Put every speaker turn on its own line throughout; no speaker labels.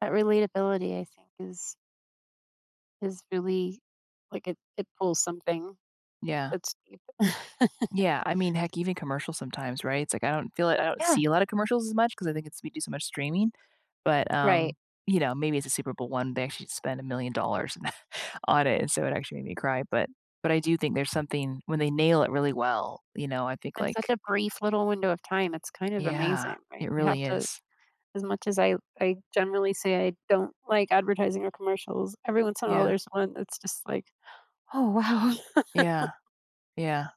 That relatability, I think, is is really like, it it pulls something
Yeah.
that's deep.
Yeah, I mean, heck, even commercials sometimes, right? It's, like, I don't feel like I don't
Yeah.
see a lotta commercials as much 'cause I think it's we do so much streaming, but,
Right.
um, you know, maybe it's a Super Bowl one. They actually spend a $1,000,000 on it, and so it actually made me cry, but but I do think there's something When they nail it really well, you know, I think,
In such
like
a brief little window of time, it's kind of
Yeah.
amazing, right?
It
You have
really
to
is.
As much as I w I generally say I don't like advertising or commercials, every once in a
Yeah.
there's one that's just like, "Oh, wow."
Yeah. Yeah.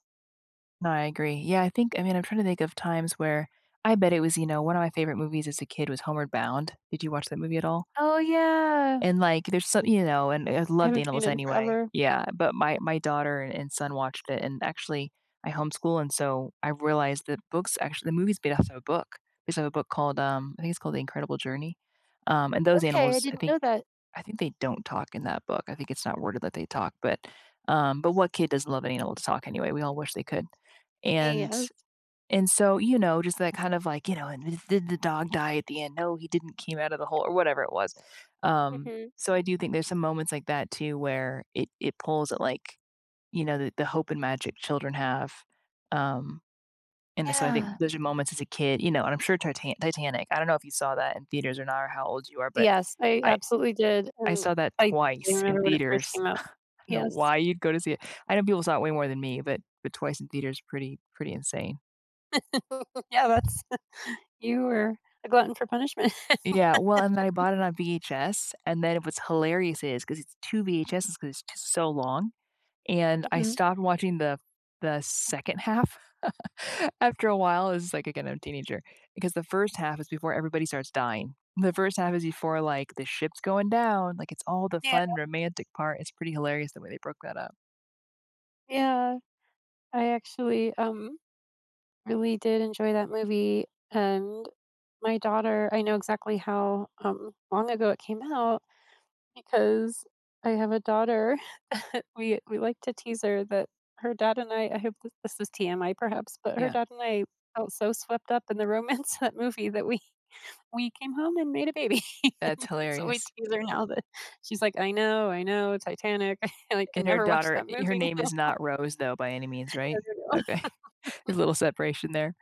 No, I agree. Yeah, I think I mean, I'm trying to think of times where I bet it was You know, one of my favorite movies as a kid was Homeward Bound. Did you watch that movie at all?
Oh, yeah.
And, like, there's so You know? And I
I
loved
haven't seen it
animals
in
anyway.
forever.
Yeah, but my my daughter and son watched it, and, actually I homeschool, and so, I realized that books Actually, the movie's based off of a book. We saw a book called, um I think it's called The Incredible Journey, um, and those
Okay, I
animals, I
didn't know
think
that.
I think they don't talk in that book, I think it's not worded that they talk. But, um, but what kid doesn't love an animal to talk, anyway? We all wish they could,
A
and
Yes.
s And so, you know, just that kind of like, "You know, and, th th the did the dog die, at the end." no, he didn't came out of the hole or, whatever it was. Um,
Mhm.
so, I Do think there's some moments like that too, where it it pulls at, like, you know, the the hope and magic children have? Um, and the so, I
Yeah.
think those are moments as a kid, you know, and I'm sure Tita Titanic I don't know if you saw that in theaters or not, or how old you are, but
Yes, I
I
absolutely did,
I
and
saw that
I'd I
twice in
remember when it first
theaters.
came out
I don't know
Yes.
why you'd go to see it I know people saw it way more than me, but but twice in theater is pretty pretty insane.
Yeah that's You were a glutton for punishment.
Yeah. Well and then I bought it on VHS, and then it was hilarious is 'cause it's 2 VHS's, 'cause it's just so long, and, I
Mhm.
stopped watching the f the second half after a while. It's just, like, again, I'm a teenager. Because the first half is before everybody starts dying. The first half is before, like, the ship's going down, like, it's all the
Yeah.
fun romantic part, it's pretty hilarious the way they broke that up.
Yeah, I actually, um, really did enjoy that movie, and my daughter I know exactly how, um, long ago it came out, because I have a daughter We we like to tease her that her dad and I- I hope th this is TMI perhaps- but her
Yeah.
dad and I felt so swept up in the romance of that movie that we we came home and made a baby,
That's
so we
hilarious.
tease her now that She's, like, "I know I know. Titanic. I can
And, her
never watch
daughter
that
eh, her
movie now.
name is not Rose though, by any means,
Yeah,
right?
you know?
Okay, a little separation there.